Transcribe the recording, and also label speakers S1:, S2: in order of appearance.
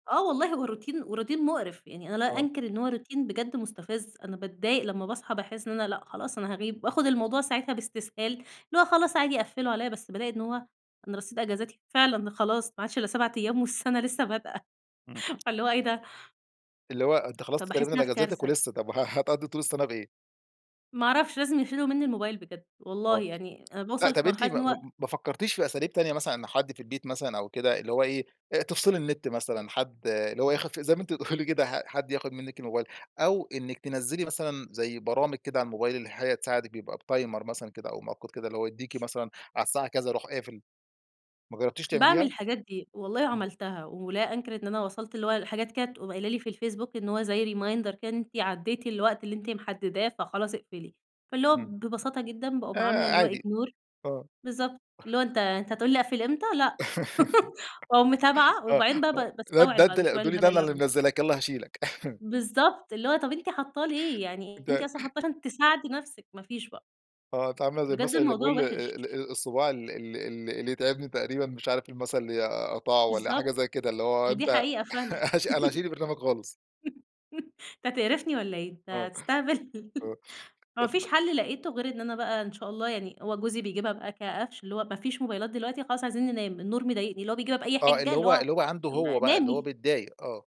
S1: آه والله هو روتين، وروتين مُقرف، يعني أنا لا
S2: آه.
S1: أنكِر إن هو روتين بجد مُستفز، أنا باتضايق لما باصحى باحسّ إن أنا لأ، خلاص أنا هاغيب وآخد الموضوع ساعتها باستسهال، اللي هو خلاص عادي قفِّلوا عليَّ، بس بالاقي إن هو أنا رصيد أجازاتي فعلًا خلاص، ما عادش إلّا 7 أيام والسنة لسه بادئة
S2: إمم.
S1: فاللي هو إيه ده!
S2: اللي هو أنتِ خلصتِ
S1: فباحس
S2: تقريبًا
S1: إن أنا في
S2: الأجازاتِك
S1: كارثة.
S2: ولسه طب وه هتقضّي طول السنة بإيه؟
S1: ما أعرفش، لازم يشيلوا مني الموبايل بجد، والله
S2: آه،
S1: يعني أنا
S2: لأ،
S1: باوصل
S2: طَب
S1: في
S2: أنتِ
S1: مرحلة إن
S2: ما
S1: هو
S2: م م ما فكرتيش في أساليب تانية مثلًا، إن حد في البيت مثلًا أو كده، اللي هو إيه، آآ، تفصِلي النت مثلًا، حد اللي هو يخف زي ما أنتِ بتقولي كده حد ياخد منِّك الموبايل؟ أو إنِّك تنَزِّلِي مثلًا زي برامج كده على الموبايل اللي هي تساعدك، بيبقى بتايمر مثلًا كده أو مؤقت كده، اللي هو يديكي مثلًا على الساعة كذا يروح قافل، ما جرّبتيش
S1: باعمل
S2: تعمليها؟
S1: الحاجات دي، والله
S2: إمم.
S1: عملتها، ولا أنكِر إن أنا وصلت اللي هو حاجات كده تقوم قايلة لي في الفيسبوك، إن هو زي reminder كده، إن أنتِ عدّيتِ الوقت اللي أنتِ محدّداه فخلاص اقفلي، فاللي هو
S2: إمم.
S1: ببساطة جدًا باقوم عاملة
S2: آآ،
S1: اللي هو
S2: عادي
S1: ignore،
S2: آه.
S1: بالضبط اللي هو أنتَ أنتَ هتقول لي أقفل إمتى؟! لأ، وأقوم متابعة
S2: آه،
S1: وبعدين بقى
S2: آه،
S1: ب
S2: اللي هو ده
S1: باستوعب
S2: أنت
S1: بعد
S2: ال
S1: شوية،
S2: هتقولي
S1: الهبل
S2: ده
S1: اللي
S2: أنا
S1: أنا
S2: اللي
S1: باعملُه.
S2: منزِّلاك، يالّا هاشيلك.
S1: بالضبط، اللي هو طَب أنتِ حاطّاه ليه! يعني أنتِ
S2: أنت
S1: أصلًا حاطّاه عشان تساعدي نفسك، ما فيش بقى.
S2: آه، أنتِ عاملة زي
S1: بجد
S2: المثل اللي
S1: الموضوع
S2: بيقول آآ، آآ،
S1: وِحِش.
S2: ال الصُباع ال ال ال اللي يتعبني تقريبًا مش عارف المثل، اللي أقطعه والَّا حاجة
S1: بالضبط،
S2: زي كده، اللي هو
S1: أهي دي
S2: أنت
S1: حقيقة فعلًا
S2: هاش أنا هاشيل البرنامج خالص.
S1: أنت هتقرفني والَّا إيه؟ أنت
S2: آه،
S1: هتستهبل؟
S2: آه،
S1: ما
S2: طب
S1: فيش حل لقيتُه غير إن أنا بقى إن شاء الله يعني هو جوزي بيجيبها بقى كقفش، اللي هو ما فيش موبايلات دلوقتي، خلاص عايزين ننام، النور مضايقني، اللي هو بيجيبها بأي
S2: آه،
S1: حِجَّة،
S2: اللي
S1: اللي
S2: هو
S1: هو
S2: اللي هو عنده
S1: م
S2: هو بقى، اللي هو
S1: نامي.
S2: بيتضايق، آه.